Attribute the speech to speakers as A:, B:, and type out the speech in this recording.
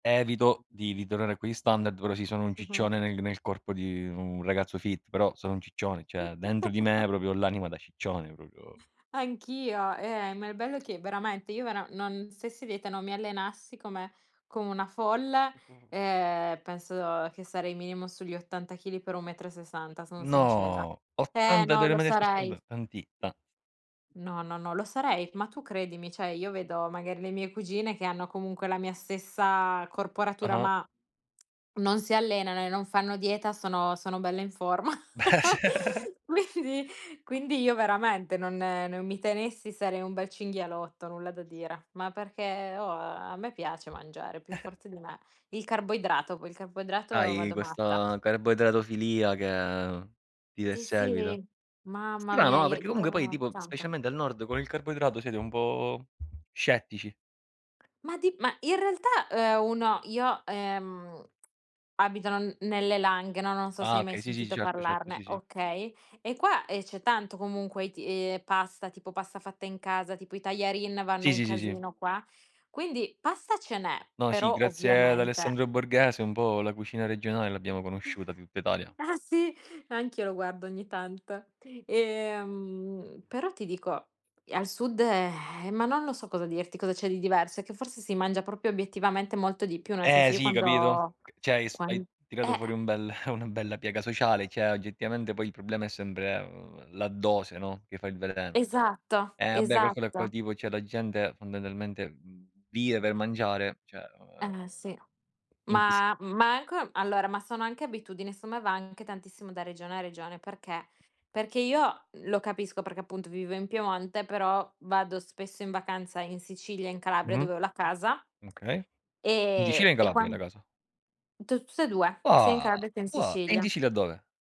A: Evito, di ritornare a quegli standard, però sì, sono un ciccione
B: Mh-mh.
A: nel g nel corpo di un ragazzo fit, però sono un ciccione. Cioè, dentro di me proprio ho l'anima da ciccione proprio
B: Anch'io, eh, ma il bello è che veramente io, vera non stessi a dieta, non mi allenassi come come una folle, eh, penso che sarei minimo sugli 80 kg per 1,60 m, sono sincera.
A: No
B: Eh,
A: 80
B: no,
A: delle
B: lo sarei.
A: [unintelligible] tanti ta
B: No no no, lo sarei. Ma tu credimi, cioè io vedo magari le mie cugine, che hanno comunque la mia stessa corporatura
A: Ah-ah.
B: ma non si allenano e non fanno dieta, sono sono belle in forma.
A: Beh cer
B: Quindi quindi io veramente non non mi tenessi sarei un bel cinghialotto, nulla da dire. Ma perché, oh, a me piace mangiare è più forte di me. Il carboidrato, poi il carboidrato
A: Hai
B: vado matta.
A: questa carboidratofilia che ti
B: Sì,
A: perseguita.
B: sì. Mamma mia,
A: Strano, ah,
B: i
A: perché comunque poi
B: io
A: tipo,
B: [unintelligible]
A: specialmente al nord con il carboidrato siete un po' scettici.
B: Ma di ma in realtà, eh, uno io ehm, abito n nelle Langhe, no non so se
A: Ah
B: hai mai
A: okay, sì, sì,
B: sentito
A: certo certo,
B: parlarne,
A: sì, sì.
B: okay, e qua, ehm, c'è tanto comunque i t eh, pasta, tipo pasta fatta in casa, tipo i tajarin vanno
A: Sì
B: un
A: sì sì sì.
B: casino qua. Quindi, pasta ce n'è,
A: No, sì,
B: però
A: grazie ad
B: ovviamente
A: Alessandro Borghese un po' la cucina regionale l'abbiamo conosciuta di tutta Italia.
B: Ah sì, anch'io lo guardo ogni tanto. Ehm, però ti dico e al Sud ehm, ma non lo so cosa dirti, cosa c'è di diverso, è che forse si mangia proprio obiettivamente molto di più, nel
A: Eh
B: senso io
A: sì, capito,
B: quando
A: ch cioè hai s hai
B: quan
A: tirato
B: eh.
A: fuori un bel una bella piaga sociale, cioè, oggettivamente poi il problema è sempre, ehm, la dose, no, che fa il veleno.
B: Esatto,
A: Eh beh, calcola poi
B: esatto.
A: tipo cioè la gente, fondamentalmente, mhmmm vive per mangiare, cioè, o ehm
B: Eh sì.
A: invisi
B: Ma ma anche allora, ma sono anche abitudini, secondo me va anche tantissimo da regione a regione. Perché, perché io lo capisco perché appunto vivo in Piemonte, però vado spesso in vacanza in Sicilia, in Calabria,
A: Mh-mh.
B: dove ho la casa
A: Okay. In Sicilia o
B: e
A: in
B: e
A: Calabria
B: quan
A: hai la casa?
B: tu tutte e 2 sia in
A: Ua!
B: Calabria che in
A: Ua. E in
B: Sicilia.
A: Sicilia dove?